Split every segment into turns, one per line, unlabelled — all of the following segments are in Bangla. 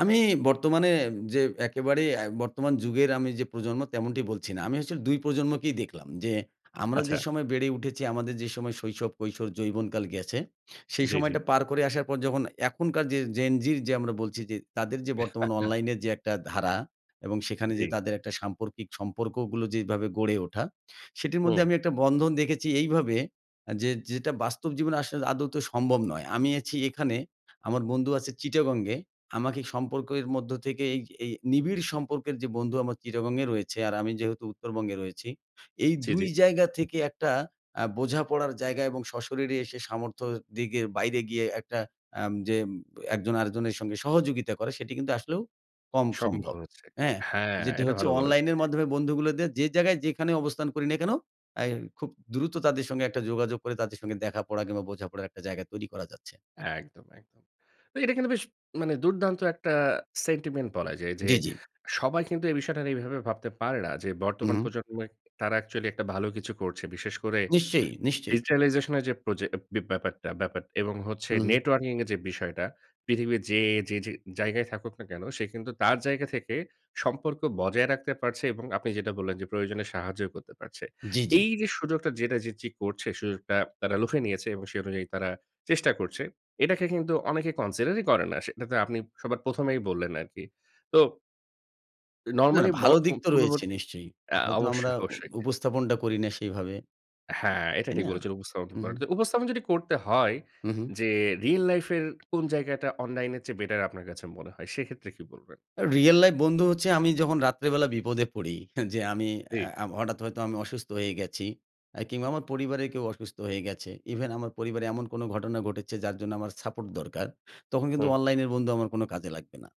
আমি বর্তমানে যে একেবারে এ বর্তমান যুগের আমি যে প্রজন্ম তেমনটি বলছি না। আমি আসলে ২ প্রজন্মকেই দেখলাম। যে আমরা যে
আচ্ছা।
সময় বেড়ে উঠেছি, আমাদের যে সময় শৈশব, কৈশোর, যৌবনকাল গেছে। সেই
জ্বী, জ্বী।
সময়টা পার করে আসার পর যখন এখনকার যে Gen Z র যে আমরা বলছি। যে তাদের যে বর্তমান অনলাইনের যে একটা ধারা এবং সেখানে যে
জ্বী।
তাদের একটা সাম্পর্কিক সম্পর্কগুলো যেভাবে গড়ে ওঠা। সেটির মধ্যে
হুম।
আমি একটা বন্ধন দেখেছি এইভাবে। আ যে যেটা বাস্তব জীবনে আসলে আদৌত সম্ভব নয়। আমি আছি এখানে আমার বন্ধু আছে চিটাগং এ। আমাকে সম্পর্কের মধ্য থেকে এই এই নিবিড় সম্পর্কের যে বন্ধু আমার চিটাগং এ রয়েছে, আর আমি যেহেতু উত্তরবঙ্গে রয়েছি। এই
জ্বী,
২
জ্বী।
জায়গা থেকে একটা আ বোঝাপড়ার জায়গা এবং সশরীরে এসে সামর্থ্য দিকে বাইরে গিয়ে একটা আম যে একজন আরেকজনের সঙ্গে সহযোগিতা করে। সেটি কিন্তু আসলেও কম
সম্ভব
সম্ভব।
হচ্ছে।
হ্যাঁ?
হ্যাঁ,
যেটি
এটা
হচ্ছে
ভালো বলেছেন।
অনলাইনের
জ্বী।
মাধ্যমে বন্ধুগুলোদের যে জায়গায় যেখানে অবস্থান করি না কেনো। এ খুব দ্রুত তাদের সঙ্গে একটা যোগাযোগ করে। তাদের সাথে দেখা পড়া কিংবা বোঝাপড়ার একটা জায়গা তৈরি করা যাচ্ছে।
একদম, একদম। তো এটা কিন্তু বেশ মানে দুর্দান্ত একটা সেন্টিমেন্ট বলা যায়। যে
জ্বী, জ্বী।
সবাই কিন্তু এই বিষয়টা নিয়ে এভাবে ভাবতে পারে না। যে
হু,
বর্তমান
হু।
প্রজন্মে তারা অ্যাকচুয়ালি একটা ভালো কিছু করছে। বিশেষ করে
নিশ্চয়ই, নিশ্চয়ই।
ডিজিটালাইজেশন এর যে প্রজে ব্যা ব্যাপারটা ব্যাপার এবং হচ্ছে
হু, হু।
নেটওয়ার্কিং এর যে বিষয়টা। পৃথিবীর যে যে যে জায়গায় থাকুক না কেনো। সে কিন্তু তার জায়গা থেকে সম্পর্ক বজায় রাখতে পারছে এবং আপনি যেটা বললেন। যে প্রয়োজনে সাহায্যও করতে পারছে।
জ্বী, জ্বী।
এই যে সুযোগটা যেটা Gen Z করছে সুযোগটা তারা লুফে নিয়েছে এবং সে অনুযায়ী তারা চেষ্টা করছে। এটাকে কিন্তু অনেকে কনসিডার ই করে না। সেটাতে আপনি সবার ১ম এই বললেন আরকি। তো
না,
নরমালি ব
ভালো দিক তো রয়েছে
পূর্ণবর্তী
নিশ্চয়ই।
এ
হয়তো আমরা
অবশ্যই,
উ
অবশ্যই।
উপস্থাপনটা করি না সেইভাবে।
হ্যাঁ, এটা
তাই
ঠিক
না?
বলেছেন উপস্থাপন
হু,
করেন।
হু।
উপস্থাপন যদি করতে হয়,
হু, হু।
যে রিয়াল লাইফ এর কোনো জায়গাটা? অনলাইন এর চেয়ে বেটার আপনার কাছে মনে হয় সেক্ষেত্রে কি বলবেন?
রিয়াল লাইফ বন্ধু হচ্ছে আমি যখন রাত্রেবেলা বিপদে পড়ি। যে আমি
জ্বী।
আ হঠাৎ হয়তো আমি অসুস্থ হয়ে গেছি আ কিংবা আমার পরিবারে কেউ অসুস্থ হয়ে গেছে। ইভেন আমার পরিবারে এমন কোনো ঘটনা ঘটেছে যার জন্য আমার সাপোর্ট দরকার। তখন কিন্তু
হুম।
অনলাইন এর বন্ধু আমার কোনো কাজে লাগবে না।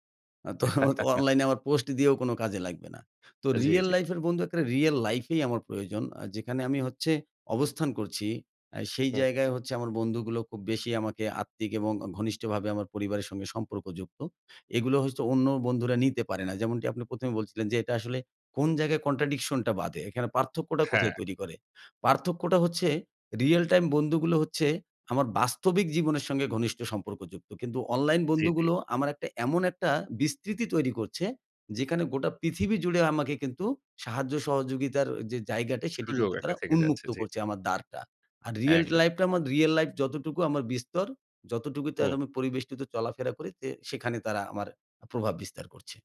তো অনলাইন এ আমার পোস্ট দিয়েও কোনো কাজে লাগবে না। তো
জ্বী,
রিয়াল
জ্বী।
লাইফ এর বন্ধু এক্কারে রিয়াল লাইফ এই আমার প্রয়োজন। আ যেখানে আমি হচ্ছে অবস্থান করছি। এ সেই
হু, হু।
জায়গায় হচ্ছে আমার বন্ধুগুলো খুব বেশি আমাকে আত্মিক এবং ঘনিষ্ঠভাবে আমার পরিবারের সাথে সম্পর্কযুক্ত। এগুলো হচ্ছে অন্য বন্ধুরা নিতে পারে না। যেমনটি আপনি ১ম এ বলছিলেন। যে এটা আসলে কোনো জায়গায় কন্ট্রাডিকশন টা বাধে। এখানে পার্থক্যটা
হ্যাঁ।
কোথায় তৈরি করে? পার্থক্যটা হচ্ছে রিয়াল টাইম বন্ধুগুলো হচ্ছে আমার বাস্তবিক জীবনের সঙ্গে ঘনিষ্ঠ সম্পর্কযুক্ত। কিন্তু অনলাইন
জ্বী, জ্বী।
বন্ধুগুলো আমার একটা এমন একটা বিস্তৃতি তৈরি করছে। যেখানে গোটা পৃথিবী জুড়ে আমাকে কিন্তু সাহায্য সহযোগিতার যে জায়গাটা, সেটি
সুযোগ
কিন্তু তারা
একটা থেকে যাচ্ছে।
উন্মুক্ত
জ্বী,
করছে
জ্বী।
আমার দ্বারটা। আর রিয়াল
একদম।
লাইফ টা আমার রিয়াল লাইফ যতটুকু আমার বিস্তর। যতটুকুতে আজ
হুম।
আমি পরিবেষ্টিত চলাফেরা করি। যে সেখানে তারা আমার প্রভাব বিস্তার করছে।